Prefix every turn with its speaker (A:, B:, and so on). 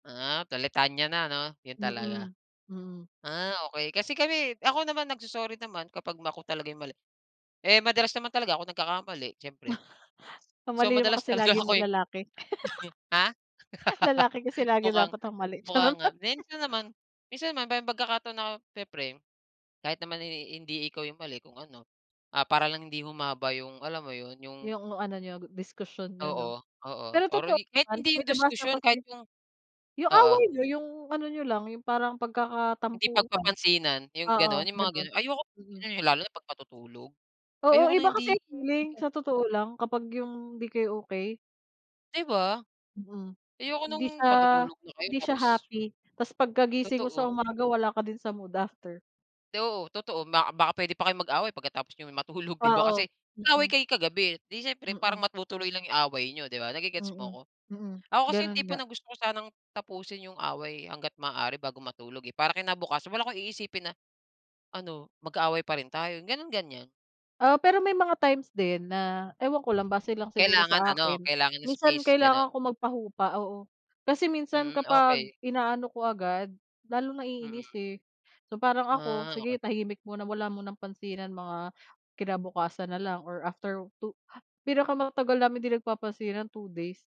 A: Ah, Tulitania 'no, yun talaga.
B: Mhm, mm.
A: Ah, okey. Kasi kami ako naman nagso-sorry naman kapag ako talaga 'yung mali. Eh madalas naman talaga ako nagkakamali siyempre.
B: Ang
A: So
B: mali naman
A: madalas
B: kasi
A: talaga
B: lagi 'yung m
A: ako'y
B: lalaki.
A: Ha?
B: Lalaki kasi lagi
A: Mukhang
B: dapat ang mali,
A: mukha
B: charot.
A: nga. Minsan naman minsan naman may pagkakataon na siyempre, kahit naman eh hindi ikaw 'yung mali kung ano, ah para lang hindi humaba 'yung, alam mo yun, 'yung
B: 'Yung ano niyo, diskusyon niyo 'no.
A: Oo, oo.
B: Pero
A: Or
B: totoo
A: eh kahit
B: naman.
A: hindi
B: May
A: 'yung
B: nabasa
A: diskusyon kahit
B: kasi
A: 'yung
B: 'yung
A: oo.
B: away niyo, 'yung ano niyo lang, 'yung parang
A: Hindi
B: pagkakatampuhan.
A: pagpapansinan, 'yung
B: Oo,
A: gano'n, 'yung mga
B: gano'n.
A: gano'n, ayoko ng
B: Mm.
A: gano'n, 'yung lalo na pag matutulog. Ayoko
B: Oo,
A: na
B: iba
A: hindi
B: kasi ang
A: hindi
B: feeling,
A: ka
B: sa totoo lang, kapag 'yung hindi kayo okey.
A: 'Di ba?
B: Mm.
A: Ayoko
B: Hindi
A: no'ng
B: siya
A: matutulog na kayo
B: hindi siya
A: tapos
B: happy. Ta's pagkagising mo
A: Totoo.
B: sa umaga wala ka din sa mood after.
A: 'Di oo, totoo. Ba baka pwede pa kayong mag-away pagkatapos niyo matulog 'di ba? Kasi
B: Oo,
A: nag-away
B: mm.
A: kayo kagabi eh, 'di siyempre parang
B: Mm.
A: matutuloy lang 'yung away niyo 'di ba, nage-gets mo
B: Mm,
A: ko?
B: mm.
A: Ako kasi 'yung
B: Gano'n
A: tipo
B: nga.
A: na gusto ko sanang tapusin 'yung away hangga't maaari bago matulog eh, para kinabukasan wala akong iisipin na, "Ano, magkaaway pa rin tayo?" Gano'n, ganyan.
B: Oo, pero may mga times din na, ewan ko lang base lang siguro
A: Kailangan
B: sa
A: ano,
B: akin,
A: kailangan ng
B: minsan
A: space, gano'n?
B: kailangan ko magpahupa, oo. Kasi minsan
A: Mm,
B: kapag
A: okey.
B: inaano ko agad, lalong
A: Mm.
B: naiinis eh. So parang ako,
A: Ah,
B: sige
A: okey.
B: tahimik muna, wala munang pansinan. Mga kinabukasan na lang or after 2 pinakamatagal namin 'di nagpapansinan 2 days.